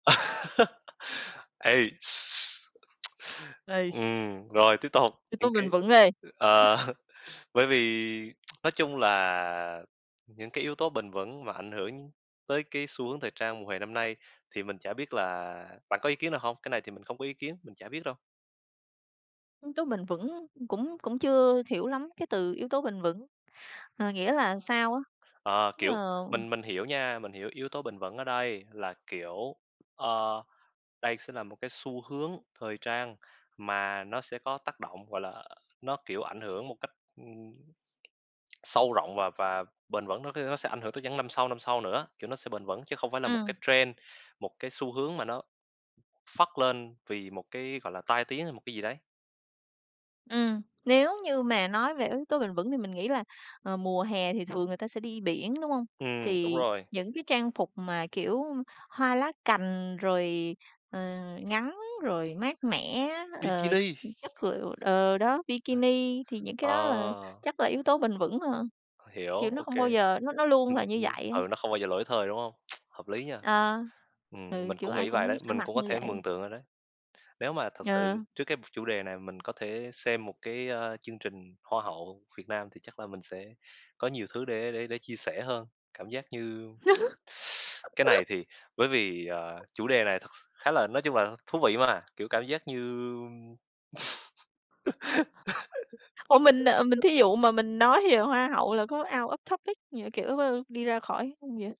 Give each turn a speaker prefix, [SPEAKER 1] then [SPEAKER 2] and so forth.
[SPEAKER 1] Uầy,
[SPEAKER 2] Uầy, s
[SPEAKER 1] Ừm, rồi tiếp tục,
[SPEAKER 2] Yếu tố
[SPEAKER 1] những
[SPEAKER 2] bền
[SPEAKER 1] cái
[SPEAKER 2] vững đây.
[SPEAKER 1] ờ, bởi vì nói chung là những cái yếu tố bền vững mà ảnh hưởng tới cái xu hướng thời trang mùa hè năm nay thì mình chả biết là bạn có ý kiến nào hông? Cái này thì mình không có ý kiến, mình chả biết đâu.
[SPEAKER 2] Yếu tố bền vững, cũng cũng chưa hiểu lắm cái từ yếu tố bền vững. Ờ, nghĩa là sao á?
[SPEAKER 1] Ờ, kiểu,
[SPEAKER 2] Ờ.
[SPEAKER 1] mình mình hiểu nha. Mình hiểu yếu tố bền vững ở đây là, kiểu, ờ, đây sẽ là một cái xu hướng thời trang, mà nó sẽ có tác động, gọi là, nó, kiểu, ảnh hưởng một cách, ừm, sâu rộng, và và bền vững, nó, kiểu, nó sẽ ảnh hưởng tới những năm sau, năm sau nữa. Kiểu, nó sẽ bền vững chứ không phải là một
[SPEAKER 2] Ừm.
[SPEAKER 1] cái trend, một cái xu hướng mà nó phất lên vì một cái, gọi là, tai tiếng hay một cái gì đấy.
[SPEAKER 2] Ừm, nếu như mà nói về yếu tố bền vững thì mình nghĩ là, ờ, mùa hè thì thường người ta sẽ đi biển, đúng hông?
[SPEAKER 1] Ừm, đúng
[SPEAKER 2] Thì
[SPEAKER 1] rồi.
[SPEAKER 2] những cái trang phục mà, kiểu, hoa lá cành, rồi, ờ, ngắn, rồi mát mẻ, ờ,
[SPEAKER 1] Bikini.
[SPEAKER 2] chất lượng ờ, đó, bikini thì
[SPEAKER 1] [unintelligible]
[SPEAKER 2] những cái đó là
[SPEAKER 1] Ờ.
[SPEAKER 2] chắc là yếu tố bền vững hơn,
[SPEAKER 1] Hiểu,
[SPEAKER 2] kiểu, nó
[SPEAKER 1] OK.
[SPEAKER 2] không bao giờ nó nó luôn
[SPEAKER 1] Ừm,
[SPEAKER 2] là như
[SPEAKER 1] ừm,
[SPEAKER 2] vậy á.
[SPEAKER 1] ừ, nó không bao giờ lỗi thời, đúng hông? Hợp lý nha,
[SPEAKER 2] Ờ,
[SPEAKER 1] ừm,
[SPEAKER 2] ừ,
[SPEAKER 1] mình
[SPEAKER 2] kiểu,
[SPEAKER 1] cũng
[SPEAKER 2] ai
[SPEAKER 1] nghĩ vậy
[SPEAKER 2] cũng
[SPEAKER 1] đấy,
[SPEAKER 2] sẽ
[SPEAKER 1] mình
[SPEAKER 2] mặc
[SPEAKER 1] cũng có
[SPEAKER 2] như
[SPEAKER 1] thể
[SPEAKER 2] vậy.
[SPEAKER 1] mường tượng rồi đấy. Nếu mà thật sự
[SPEAKER 2] Ờ.
[SPEAKER 1] trước cái chủ đề này mình có thể xem một cái, a, chương trình hoa hậu Việt Nam, thì chắc là mình sẽ có nhiều thứ để để để chia sẻ hơn. Cảm giác như Cái này thì bởi vì, ờ, chủ đề này thật s khá là nói chung là thú vị mà, kiểu, cảm giác như
[SPEAKER 2] Ủa, mình, ờ, mình thí dụ mà mình nói về hoa hậu là có out of topic như kiểu, ơ, đi ra khỏi hông vậy?